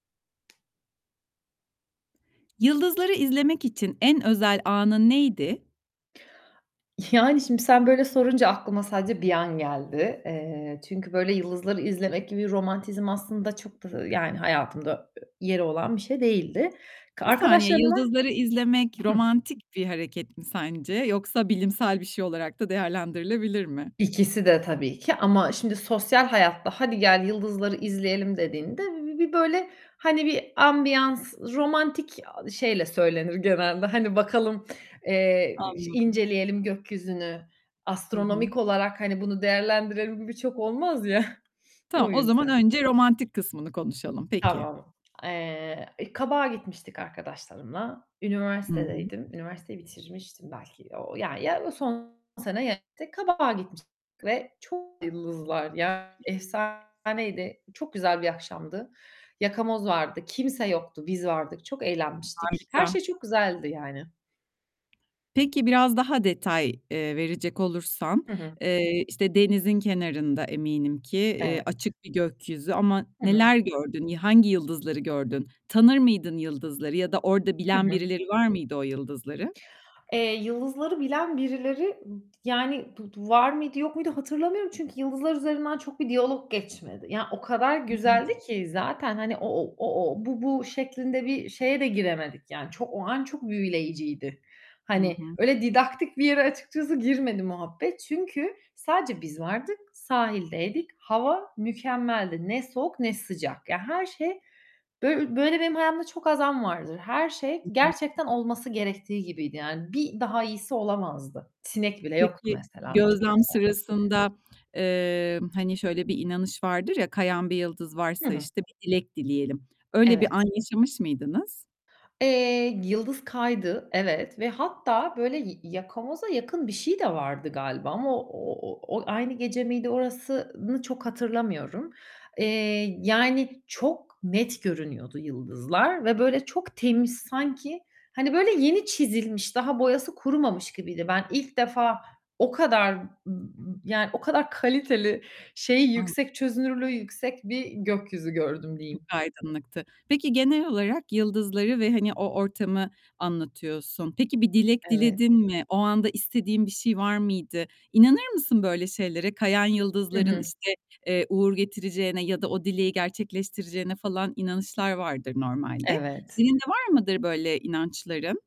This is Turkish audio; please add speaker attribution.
Speaker 1: Yıldızları izlemek için en özel anın neydi?
Speaker 2: Yani, şimdi sen böyle sorunca aklıma sadece bir an geldi. Eee, çünkü böyle yıldızları izlemek gibi romantizm aslında çok da yani hayatımda e yeri olan bir şey değildi. K
Speaker 1: Bir saniye
Speaker 2: arkadaşlarımla
Speaker 1: yıldızları izlemek
Speaker 2: Hı.
Speaker 1: romantik bir hareket mi sence yoksa bilimsel bir şey olarak da değerlendirilebilir mi?
Speaker 2: İkiside tabii ki ama, şimdi, sosyal hayatta "Hadi gel yıldızları izleyelim." dediğinde bir bir bir böyle, hani, bir ambiyans romantik a şeyle söylenir genelde, hani, bakalım, eee, i
Speaker 1: Anladım.
Speaker 2: inceleyelim gökyüzünü,
Speaker 1: Hı hı.
Speaker 2: astronomik olarak hani bunu değerlendirelim birçok olmaz ya.
Speaker 1: Tamam,
Speaker 2: O
Speaker 1: o zaman
Speaker 2: yüzden.
Speaker 1: önce romantik kısmını konuşalım. Peki.
Speaker 2: Tamam. Eee, e, Kabak'a gitmiştik arkadaşlarımla.
Speaker 1: Hı hı.
Speaker 2: Üniversitedeydim, üniversiteyi bitirmiştim belki o ya, ya, o yıl son sene ya Kabak'a gitmiştik ve çok yıldızlar. Ya, efsaneydi çok güzel bir akşamdı. Yakamoz vardı, kimse yoktu, biz vardık. Çok eğlenmiştik. Her
Speaker 1: Harika.
Speaker 2: şey çok güzeldi yani.
Speaker 1: Peki biraz daha detay, eee, verecek olursan,
Speaker 2: Hı hı.
Speaker 1: eee, işte denizin kenarında eminim ki, eee,
Speaker 2: Evet.
Speaker 1: açık bir gökyüzü ama
Speaker 2: Hı hı.
Speaker 1: neler gördün? Y hangi yıldızları gördün? Tanır mıydın yıldızları ya da orada
Speaker 2: Hı
Speaker 1: bilen
Speaker 2: hı.
Speaker 1: birileri var mıydı o yıldızları?
Speaker 2: Eee, yıldızları bilen birileri, yani, bu du var mıydı yok muydu hatırlamıyorum. Çünkü yıldızlar üzerinden çok bir diyalog geçmedi. Ya, o kadar
Speaker 1: Anladım.
Speaker 2: güzeldi ki zaten, hani, o o o o bu bu şeklinde bir şeye de giremedik yani çok, o an çok büyüleyiciydi.
Speaker 1: Hı
Speaker 2: Hani,
Speaker 1: hı.
Speaker 2: öyle didaktik bir yere açıkçası girmedi muhabbet, çünkü sadece biz vardık, sahildeydik, hava mükemmeldi. Ne soğuk ne sıcak, yani her şey böy eee, böyle benim hayatımda çok az an vardır. Her şey
Speaker 1: Hı hı.
Speaker 2: gerçekten olması gerektiği gibiydi yani bir daha iyisi olamazdı. Sinek bile yoktu
Speaker 1: Peki,
Speaker 2: mesela. Çok
Speaker 1: gözlem
Speaker 2: güzeldi.
Speaker 1: sırasında, eee, hani şöyle bir inanış vardır ya, kayan bir yıldız
Speaker 2: Hı
Speaker 1: varsa,
Speaker 2: hı.
Speaker 1: işte bir dilek dileyelim. Öyle bir an
Speaker 2: Evet.
Speaker 1: yaşamış mıydınız?
Speaker 2: Eee, yıldız kaydı. Evet ve hatta böyle ya yakamoza yakın bir şey de vardı galiba ama o o o aynı gece miydi orasını çok hatırlamıyorum. Eee, yani çok net görünüyordu yıldızlar ve böyle çok temiz... Sanki hani böyle yeni çizilmiş, daha boyası kurumamış gibiydi. Ben ilk defa o kadar m m yani o kadar kaliteli, şeyi
Speaker 1: An
Speaker 2: yüksek çözünürlüğü yüksek bir gökyüzü gördüm
Speaker 1: Çok
Speaker 2: diyeyim.
Speaker 1: aydınlıktı. Peki, genel olarak yıldızları ve hani o ortamı anlatıyorsun. Peki bir dilek
Speaker 2: Evet.
Speaker 1: diledin mi? O anda istediğin bir şey var mıydı? İnanır mısın böyle şeylere? Kayan
Speaker 2: Hı
Speaker 1: yıldızların
Speaker 2: hı.
Speaker 1: işte, eee, uğur getireceğine ya da o dileği gerçekleştireceğine falan inanışlar vardır normalde.
Speaker 2: Evet.
Speaker 1: Senin de var mıdır böyle inançların?